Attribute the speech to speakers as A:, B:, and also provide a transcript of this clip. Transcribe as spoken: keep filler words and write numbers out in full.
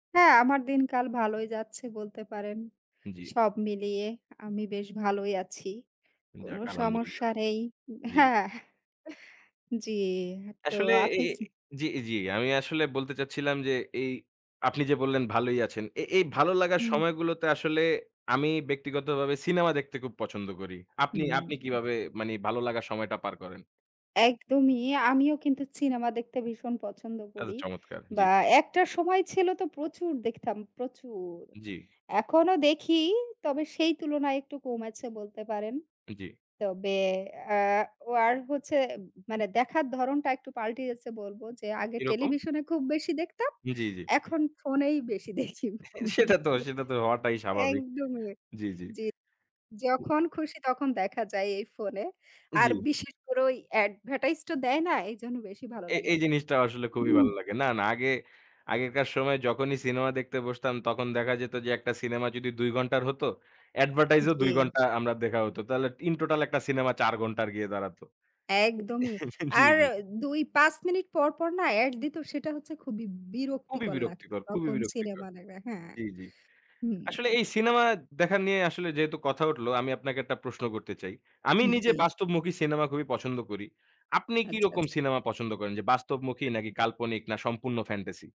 A: হ্যাঁ, আমার দিনকাল ভালোই যাচ্ছে বলতে পারেন।
B: জি।
A: সব মিলিয়ে আমি বেশ ভালোই আছি। কোনো
B: যাক, আলহামদুলিল্লাহ।
A: সমস্যা নেই
B: জি।
A: হ্যাঁ। এহ জি, তো
B: আসলে এ
A: আপনি স
B: এ জি, জি। আমি আসলে বলতে চাচ্ছিলাম যে, এই আপনি যে বললেন ভালোই আছেন, এ এই ভালো লাগার
A: হুম।
B: সময়গুলোতে আসলে, আমি ব্যক্তিগতভাবে সিনেমা দেখতে খুব পছন্দ করি। আপনি, আপনি,
A: হুম।
B: কিভাবে মানি ভালো লাগা সময়টা পার করেন?
A: একদমই। আমিও কিন্তু সিনেমা দেখতে ভীষণ পছন্দ
B: আচ্ছা,
A: করি।
B: চমৎকার! জি।
A: বা একটা সময় ছিল তো প্রচুর দেখতাম, প্রচুর!
B: জি।
A: এখনও দেখি, তবে সেই তুলনায় একটু কমেছে বলতে পারেন।
B: জি।
A: তবে অ্যাঁ ও আর হচ্ছে মানে, দেখার ধরণটা একটু পাল্টিয়েছে বলব যে, আগে
B: কিরকম?
A: টেলিভিশনে খুব বেশি দেখতাম,
B: জি, জি।
A: এখন ফোনেই বেশি দেখি।
B: সেটা তো সেটা তো হওয়াটাই স্বাভাবিক।
A: একদমই।
B: জি, জি।
A: জি। যখন খুশি তখন দেখা যায় এই ফোনে। আর
B: জি।
A: বিশেষ করে ওই অ্যাডভেরটাইজ তো দেয় না, এইজন্য বেশি ভালো
B: এ
A: লাগে।
B: এই জিনিসটা আসলে খুবই ভালো লাগে। না, না আগে, আগেকার সময়ে যখনই সিনেমা দেখতে বসতাম তখন দেখা যেত যে, একটা সিনেমা যদি দুই ঘণ্টার হতো, অ্যাডভেরটাইজ ও দুই
A: জি।
B: ঘণ্টা আমরা দেখা হতো। তাহলে ইন টোটাল, একটা সিনেমা চার ঘণ্টার গিয়ে দাঁড়াত।
A: একদমই।
B: জি,
A: আর
B: জি।
A: এ্যা দুই, পাঁচ মিনিট পর পর না? ad দিত, সেটা হচ্ছে খুবই
B: খুবই
A: বিরক্তিকর লাগত,
B: বিরক্তিকর খুবই
A: তখন
B: বিরক্তিকর।
A: সিনেমা দেখা হ্যাঁ।
B: জি, জি।
A: হুম।
B: আসলে এই সিনেমা দেখা নিয়ে আসলে যেহেতু কথা উঠলো, আমি আপনাকে একটা প্রশ্ন করতে চাই। আমি
A: হুম
B: নিজে
A: জি।
B: বাস্তবমুখী সিনেমা খুবই পছন্দ করি। আপনি
A: আচ্ছা,
B: কিরকম
A: আচ্ছা।
B: সিনেমা পছন্দ করেন? যে বাস্তবমুখী
A: হুম,
B: নাকি
A: হুম।
B: কাল্পনিক না সম্পূর্ণ ফ্যান্টাসি?